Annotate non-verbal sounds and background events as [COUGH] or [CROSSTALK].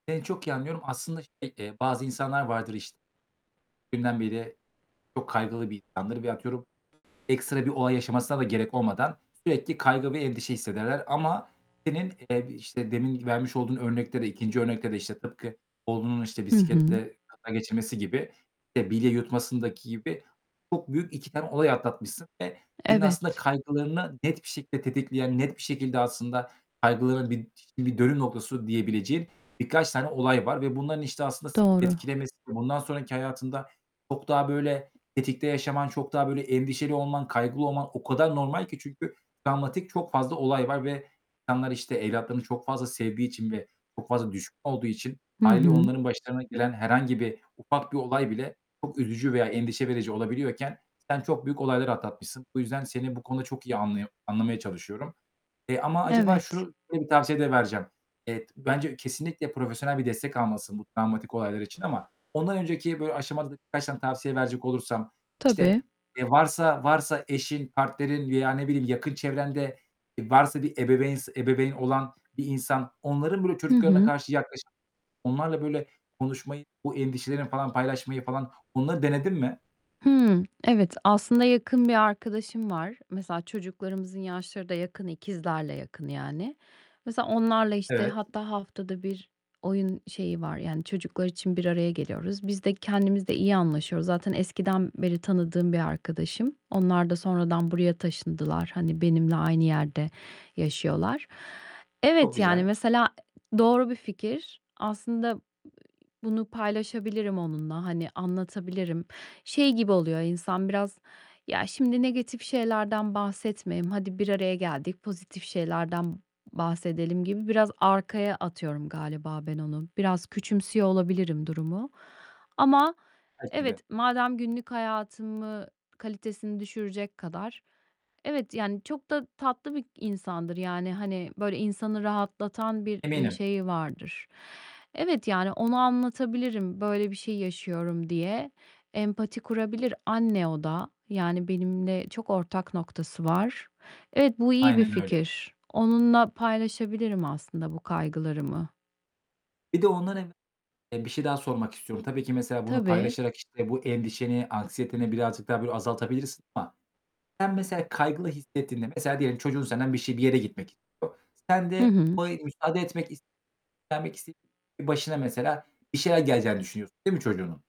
Seni çok iyi anlıyorum. Aslında, şey, eee, bazı insanlar vardır, işte, dünden beri çok kaygılı bir insandır ve atıyorum ekstra bir olay yaşamasına da gerek olmadan sürekli kaygı ve endişe hissederler ama senin, eee, işte, demin vermiş olduğun örnekte de 2. örnekte de, işte, tıpkı oğlunun, işte, Hı hı. bisikletle kaza geçirmesi gibi, işte, bilye yutmasındaki gibi çok büyük 2 tane olay atlatmışsın ve senin aslında Evet. kaygılarını net bir şekilde tetikleyen, net bir şekilde aslında kaygılarını bir ş bir dönüm noktası diyebileceğin birkaç tane olay var ve bunların, işte, aslında, seni Doğru. etkilemesi, bundan sonraki hayatında çok daha, böyle, tetikte yaşaman, çok daha böyle endişeli olman, kaygılı olman o kadar normal ki çünkü travmatik çok fazla olay var ve insanlar, işte, evlatlarını çok fazla sevdiği için ve çok fazla düşkün olduğu için Hı hâliyle hı. onların başlarına gelen herhangi bir ufak bir olay bile çok üzücü veya endişe verici olabiliyorken sen çok büyük olayları atlatmışsın. Bu yüzden seni bu konuda çok iyi anlıyo anlamaya çalışıyorum, eee, ama acaba Evet. şu şöyle bir tavsiye de vereceğim. Evet, bence kesinlikle profesyonel bir destek almalısın bu travmatik olaylar için ama ondan önceki, böyle [UNINTELLIGIBLE] kaç tane tavsiye verecek olursam, Tabii. işte, e, varsa varsa eşin, partnerin veya, ne bileyim, yakın çevrende, eee, varsa bir ebeveyn s ebeveyn olan bir insan onların, böyle, Hı çocuklarına hı. karşı yaklaşımı, onlarla, böyle, konuşmayı, o endişelerini falan paylaşmayı falan, onları denedin mi? Hımm, evet. Aslında, yakın bir arkadaşım var. Mesela çocuklarımızın yaşları da yakın, ikizlerle yakın, yani. Mesela onlarla işte, Evet. hatta haftada bir oyun şeyi var, yani, çocuklar için bir araya geliyoruz. Biz de kendimiz de iyi anlaşıyoruz. Zaten eskiden beri tanıdığım bir arkadaşım. Onlar da sonradan buraya taşındılar. Hani benimle aynı yerde yaşıyorlar. Çok Evet, yani, güzel. mesela, e, doğru bir fikir. Aslında, ııı, bunu paylaşabilirim onunla. Hani anlatabilirim. Şey gibi oluyor insan biraz, ya, şimdi negatif şeylerden bahsetmeyeyim, hadi bir araya geldik, pozitif şeylerden bahsedelim gibi biraz arkaya atıyorum galiba ben onu. Biraz küçümsüyor olabilirim durumu. Ama Belki de. evet, madem günlük hayatımı kalitesini düşürecek kadar Evet, yani, çok da tatlı bir insandır. Yani, hani, böyle, insanı rahatlatan bir, eee, Eminim. şeyi vardır. Evet, yani, ona anlatabilirim, böyle bir şey yaşıyorum diye. Empati kurabilir. Anne o da. Yani benimle çok ortak noktası var. Evet, bu iyi bir Aynen öyle. fikir. Onunla paylaşabilirim aslında bu kaygılarımı. Bir de ondan evve eee, bir şey daha sormak istiyorum. Tabii ki mesela bunu Tabii. paylaşarak, işte, bu endişeni, anksiyeteni birazcık daha, böyle, azaltabilirsin ama sen, mesela, kaygılı hissettiğinde, mesela, diyelim çocuğun senden bir şey bir yere gitmek istiyor. Sen Hı de hı. [UNINTELLIGIBLE] müsaade etmek is [UNINTELLIGIBLE] vermek iste [UNINTELLIGIBLE] başına, mesela, bir şeyler geleceğini düşünüyorsun, değil mi, çocuğunun?